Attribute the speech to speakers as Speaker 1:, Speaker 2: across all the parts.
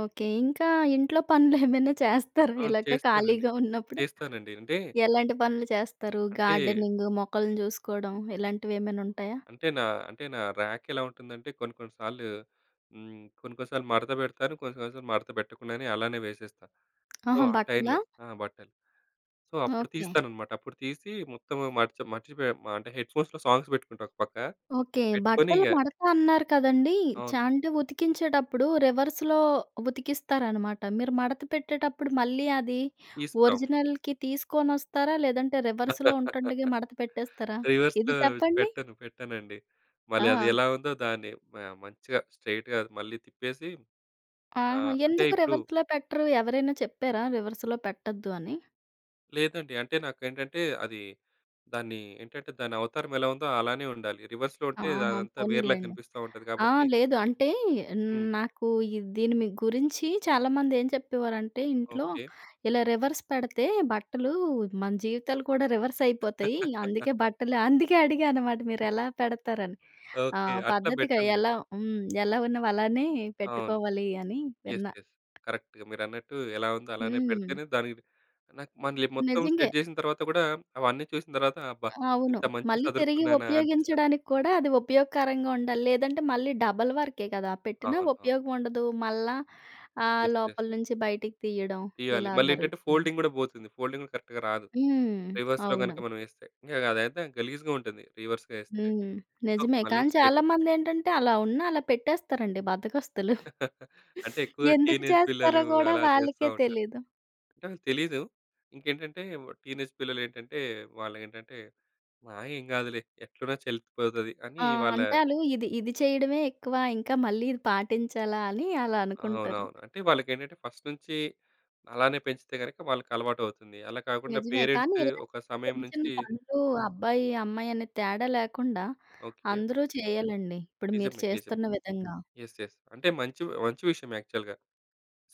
Speaker 1: Okay. ఇంకా ఇంట్లో పనులేమైనా చేస్తారా
Speaker 2: అవును.
Speaker 1: ఇలాగ
Speaker 2: చేస్తానండి.
Speaker 1: ఖాళీగా ఉన్నప్పుడు?
Speaker 2: చేస్తానండి. అంటే
Speaker 1: ఎలాంటి పనులు చేస్తారు?
Speaker 2: అంటే...
Speaker 1: గార్డెనింగ్, మొక్కలని చూసుకోడం ఇలాంటివేమైనుంటయా?
Speaker 2: అంటే, నా అంటే నా ర్యాకెలా ఉంటుందంటే, కొన్ని కొన్ని సార్లు హ్మ్, కొన్ని కొన్ని సార్లు మడత పెడతాను, కొన్ని కొన్ని సార్లు మడత పెట్టకుండానే అలానే వేసేస్తా. సో,
Speaker 1: ఆహా!
Speaker 2: ఆ
Speaker 1: బట్టలా?
Speaker 2: టైమ్‌లో ఆ! బట్టలు. సో, అప్పుడు
Speaker 1: ఓకే.
Speaker 2: తీస్తాననమాట. అప్పుడు తీసీ, మొత్తం మర్చి మర్చిపోయా మ అంటే, హెడ్ ‌ఫోన్స్‌లో సాంగ్స్ పెట్టుకుంటా ఒక పక్క,
Speaker 1: ఓకే.
Speaker 2: పెట్టుకొని
Speaker 1: బట్టలు
Speaker 2: ఇంగ
Speaker 1: మడత అన్నారు కదండీ.
Speaker 2: అవును.
Speaker 1: చా అంటే ఉతికించేటప్పుడు రివర్స్‌లో ఉతికిస్తారనమాట. మీరు మడత పెట్టేటప్పుడు మళ్ళీ అది
Speaker 2: తీస్తాం.
Speaker 1: ఒరిజినల్‌కి తీసుకోనొస్తారా, లేదంటే రివర్స్‌లో ఉంటుండగే మడత పెట్టేస్తారా? ఇది
Speaker 2: రివర్స్‌లో
Speaker 1: చెప్పండి.
Speaker 2: పెట్టను. పెట్టనండి. మళ్ళీ అది
Speaker 1: ఆ!
Speaker 2: ఎలా ఉందో దాన్ని మ మంచిగా స్ట్రెయిట్‌గా మళ్ళీ తిప్పేసి
Speaker 1: ఆహా!
Speaker 2: ఆహ్, అంటే,
Speaker 1: ఎందుకు
Speaker 2: ఇప్పుడు
Speaker 1: రివర్స్‌లో పెట్టరు? ఎవరైనా చెప్పారా రివర్స్‌లో పెట్టద్దు అని?
Speaker 2: లేదండి. అంటే నాకేంటంటే, అదీ దాన్నీ ఏంటంటే, దానవతారం ఎలా ఉందో అలానే ఉండాలి. రివర్స్‌లో ఉంటే
Speaker 1: ఆహా!
Speaker 2: అదంతా వేరేలాగా
Speaker 1: పోనీలెండి.
Speaker 2: కనిపిస్తా ఉంటది
Speaker 1: ఆ!
Speaker 2: కాబట్టి
Speaker 1: లేదు అంటే,
Speaker 2: హ్మ్.
Speaker 1: నాకు ఇద్ దీని వి గురించి చాలామంది ఏం చెప్పేవారంటే ఇంట్లో,
Speaker 2: ఓకే.
Speaker 1: ఇలా రివర్స్ పెడతే బట్టలు మన జీవితాలు కూడా రివర్సయిపోతయి. అందుకే బట్టలు అందుకే అడిగా అనమాట మీరెలా పెడతారని. ఆ!
Speaker 2: ఓకే. అట్లా
Speaker 1: పద్ధతిగా
Speaker 2: బెట్టనులే.
Speaker 1: ఎలా హ్మ్. ఎలా ఉన్నవి అలానే
Speaker 2: అవును.
Speaker 1: పెట్టుకోవాలి అని
Speaker 2: యెస్.
Speaker 1: విన్నా.
Speaker 2: యెస్. కరక్ట్‌గా మీరన్నట్టు ఎలా ఉందో అలానే
Speaker 1: హ్మ్.
Speaker 2: పెడితేనే దానికి నాకు మళ్ళీ మొత్తం
Speaker 1: నిజంగే.
Speaker 2: సెట్ చేసిన తరువాత గూడా, అవన్నీ చూసిన తర్వాత అబ్బా!
Speaker 1: అవును.
Speaker 2: ఇంత మంచిగా
Speaker 1: మళ్ళీ తిరిగి
Speaker 2: సదురుకున్నానా అనిపిస్తది.
Speaker 1: ఉపయోగించడానికి కూడా అది ఉపయోగకరంగా ఉండాలి. లేదంటే, మళ్ళీ డబల్ వర్కే కదా! పెట్టినా
Speaker 2: అవును. ఆ!
Speaker 1: ఉపయోగవుండదు. మళ్ళా ఆహ్,
Speaker 2: యెస్. యెస్.
Speaker 1: లోపల నుంచి బయటికి తియ్యడం
Speaker 2: తీయాలి.
Speaker 1: ఇలా
Speaker 2: మళ్ళేంటంటే
Speaker 1: జరుగుతుంది.
Speaker 2: ఫోల్డింగ్ గూడా బోతుంది. ఫోల్డింగ్ గూడా కరక్ట్‌గా రాదు,
Speaker 1: హ్మ్.
Speaker 2: రివర్స్‌లో గనక
Speaker 1: అవును.
Speaker 2: మనం యేస్తే. ఇంగ గదైతే గలీజ్‌గా ఉంటుంది, రివర్స్‌గా యేస్తే.
Speaker 1: హ్మ్.
Speaker 2: ఆహ్,
Speaker 1: నిజమే,
Speaker 2: మళ్ళీ
Speaker 1: కానీ చాలా
Speaker 2: స్ట్రెయిటే
Speaker 1: మందేంటంటే, అలా ఉన్నా అలా పెట్టేస్తారండి బద్ధకస్తులు.
Speaker 2: అంటే, ఎక్కువగా
Speaker 1: ఎందుకు
Speaker 2: టీనేజ్
Speaker 1: చేస్తారో
Speaker 2: పిల్లలూ
Speaker 1: గూడా
Speaker 2: అలా జేస్తా
Speaker 1: వాళ్ళకే
Speaker 2: ఉంటారు.
Speaker 1: తెలీదు.
Speaker 2: అంటే తెలీదు. ఇంకేంటంటే, వ్ టీనేజ్ పిల్లలేంటంటే వాళ్ళేంటంటే ఆహ్, ఏం గాదులే. ఎట్లున్నా చెల్లిపోతది అని
Speaker 1: ఆ!
Speaker 2: వాళ్ళ
Speaker 1: అంటే ఆళ్ళు ఇది, ఇది చెయ్యడమే ఎక్కువ. ఇంకా "మళ్ళీ ఇది పాటించాలా" అని అలా అనుకుంటారు.
Speaker 2: అవునవును. అంటే వాళ్ళకేంటంటే, ఫస్ట్ నుంచీ అలానే పెంచితే గనక వాళ్ళకలవాటవుతుంది. అలా కాకుండా
Speaker 1: నిజమే. కానీ
Speaker 2: పేరెంట్సే
Speaker 1: ఇలాంటి
Speaker 2: ఒక సమయం
Speaker 1: చిన్న చిన్న
Speaker 2: నుంచి
Speaker 1: పనులూ అబ్బాయి, అమ్మాయి అనే తేడా లేకుండా
Speaker 2: ఓకే.
Speaker 1: అందరూ చెయ్యాలండి, ఇప్పుడు మీరు
Speaker 2: నిజమే. నిజం.
Speaker 1: చేస్తున్న విధంగా.
Speaker 2: Yes yes. అంటే, మంచి వ్ మంచి విషయమే యాక్చువల్‌గా.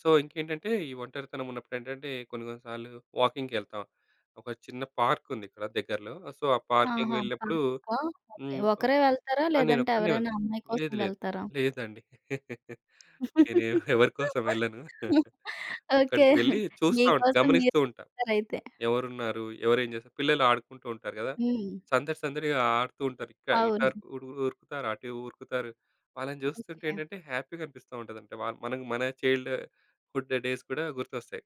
Speaker 2: సో, ఇంకేంటంటే, ఈ ఒంటరితనమున్నప్పుడేంటంటే, కొన్ని కొన్ని సార్లు వాకింగ్‌కెళ్తాం. ఒక చిన్న పార్కుంది ఇక్కడ దగ్గరలో సో, ఆ పార్కింగ్‌కి
Speaker 1: ఆహా!
Speaker 2: వెళ్ళినప్పుడు
Speaker 1: పార్క్‌కా? ఓకే.
Speaker 2: హ్మ్.
Speaker 1: ఒకరే
Speaker 2: ఆ!
Speaker 1: వెళ్తారా, లేదంటే
Speaker 2: నేనొక్కడినే
Speaker 1: ఎవరైనా
Speaker 2: వెళ్తా.
Speaker 1: అమ్మాయి కోసం
Speaker 2: లేదు. లేదు.
Speaker 1: వెళ్తారా?
Speaker 2: లేదండి. నేను ఎ ఎవరి కోసం వెళ్ళను.
Speaker 1: ఓకే.
Speaker 2: అక్కడకి వెళ్లి
Speaker 1: మీ
Speaker 2: చూస్తా ఉంట్
Speaker 1: కోసం
Speaker 2: గమనిస్తూ
Speaker 1: మీరే
Speaker 2: ఉంటా.
Speaker 1: వెళ్తారయితే.
Speaker 2: "ఎవరున్నారు? ఎవరేం జేస్" పిల్లలు ఆడుకుంటూ ఉంటారు గదా!
Speaker 1: హ్మ్.
Speaker 2: సందడి సందడిగా ఆడుతూ ఉంటారు. ఇక ఇటర్
Speaker 1: అవును.
Speaker 2: ఉడు ఉరుకుతారు. అటే ఉరుకుతారు. వాళ్ళని జూస్తుంటే
Speaker 1: ఓకే.
Speaker 2: ఏంటంటే, హ్యాపీగనిపిస్తా ఉంటదంట. వా మనకు మన చైల్డ్ హుడ్ డేస్ కూడా గుర్తొస్తాయి.